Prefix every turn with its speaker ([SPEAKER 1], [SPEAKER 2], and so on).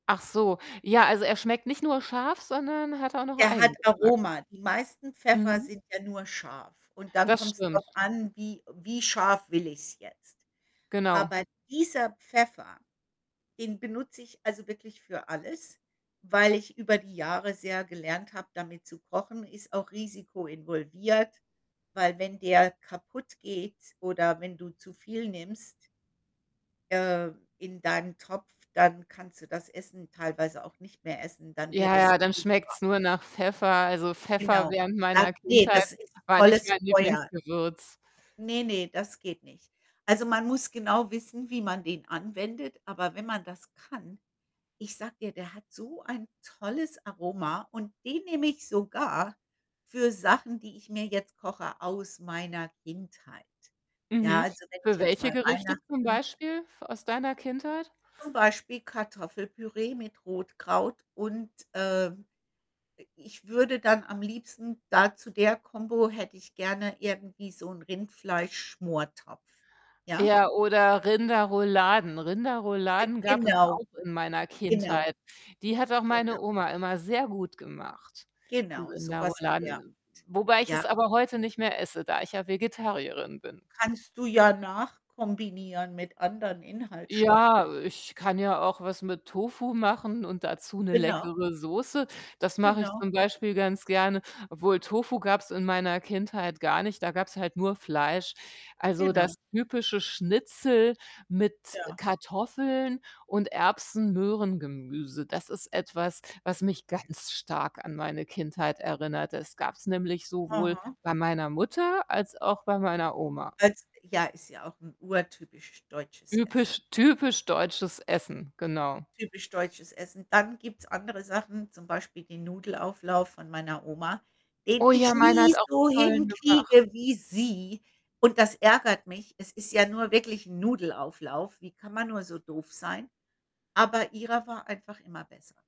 [SPEAKER 1] Ach so, ja, also er schmeckt nicht nur scharf, sondern hat auch noch
[SPEAKER 2] Der hat
[SPEAKER 1] Eigengeschmack.
[SPEAKER 2] Aroma. Die meisten Pfeffer
[SPEAKER 1] Mhm.
[SPEAKER 2] sind ja nur scharf und dann
[SPEAKER 1] Das
[SPEAKER 2] kommt's
[SPEAKER 1] stimmt.
[SPEAKER 2] drauf an, wie wie scharf will ich's jetzt?
[SPEAKER 1] Genau.
[SPEAKER 2] Aber dieser Pfeffer, den benutze ich also wirklich für alles, weil ich über die Jahre sehr gelernt habe, damit zu kochen. Ist auch Risiko involviert, weil wenn der kaputt geht oder wenn du zu viel nimmst ähm, in deinen Topf, dann kannst du das Essen teilweise auch nicht mehr essen, dann wird
[SPEAKER 1] Ja,
[SPEAKER 2] es
[SPEAKER 1] ja, dann
[SPEAKER 2] zu scharf.
[SPEAKER 1] schmeckt's nur nach Pfeffer. Also, Pfeffer
[SPEAKER 2] Genau.
[SPEAKER 1] während
[SPEAKER 2] Egal
[SPEAKER 1] meiner
[SPEAKER 2] ne,
[SPEAKER 1] Kindheit
[SPEAKER 2] das ist
[SPEAKER 1] war nicht
[SPEAKER 2] volles
[SPEAKER 1] mein
[SPEAKER 2] Feuer.
[SPEAKER 1] Lieblingsgewürz.
[SPEAKER 2] Ne, ne, das geht nicht. Also, man muss genau wissen, wie man den anwendet, aber wenn man das kann, ich sage dir, der hat so ein tolles Aroma und den nehme ich sogar für Sachen, die ich mir jetzt koche aus meiner Kindheit. Ja,
[SPEAKER 1] Mhm.
[SPEAKER 2] also wenn ich
[SPEAKER 1] Für
[SPEAKER 2] jetzt
[SPEAKER 1] welche
[SPEAKER 2] mal
[SPEAKER 1] Gerichte zum
[SPEAKER 2] Weihnachten
[SPEAKER 1] Beispiel f aus deiner Kindheit?
[SPEAKER 2] zum Beispiel Kartoffelpüree mit Rotkraut und, ähm, i ich würde dann am liebsten da zu der Combo hätte ich gerne irgendwie so 'n Rindfleischschmortopf, ja?
[SPEAKER 1] Ja, oder Rinderrouladen.
[SPEAKER 2] Äh,
[SPEAKER 1] Rinderrouladen gab es
[SPEAKER 2] genau,
[SPEAKER 1] auch in meiner
[SPEAKER 2] genau,
[SPEAKER 1] Kindheit. Die hat auch meine
[SPEAKER 2] genau.
[SPEAKER 1] Oma immer sehr gut gemacht, die
[SPEAKER 2] Genau, so was in der Art.
[SPEAKER 1] Rinderrouladen, wobei ich es
[SPEAKER 2] Ja.
[SPEAKER 1] aber heute nicht mehr esse, da ich ja Vegetarierin bin.
[SPEAKER 2] Kannst du ja nachkombinieren mit anderen Inhaltsstoffen.
[SPEAKER 1] Ja, ich kann ja auch was mit Tofu machen und dazu 'ne
[SPEAKER 2] Genau.
[SPEAKER 1] leckere Soße. Das mache ich
[SPEAKER 2] Genau.
[SPEAKER 1] zum Beispiel ganz gerne obwohl Tofu gab's in meiner Kindheit gar nicht, da gab es halt nur Fleisch. Also, das
[SPEAKER 2] Genau.
[SPEAKER 1] typische Schnitzel mit
[SPEAKER 2] Ja.
[SPEAKER 1] Kartoffeln und Erbsen-Möhren-Gemüse. Das ist etwas, was mich ganz stark an meine Kindheit erinnert. Das gab's nämlich sowohl
[SPEAKER 2] Aha.
[SPEAKER 1] bei meiner Mutter als auch bei meiner Oma.
[SPEAKER 2] Als ja, ist ja auch 'n urtypisch deutsches Essen.
[SPEAKER 1] Ypisch typisch deutsches Essen, genau.
[SPEAKER 2] Typisch deutsches Essen. Dann gibt's andere Sachen, zum Beispiel den Nudelauflauf von meiner Oma, den
[SPEAKER 1] Oh
[SPEAKER 2] ich
[SPEAKER 1] ja, meine hat
[SPEAKER 2] nie
[SPEAKER 1] auch so
[SPEAKER 2] so
[SPEAKER 1] tollen gemacht.
[SPEAKER 2] hinkriege wie sie und das ärgert mich, es ist ja nur wirklich 'n Nudelauflauf. Wie kann man nur so doof sein? Aber ihrer war einfach immer besser.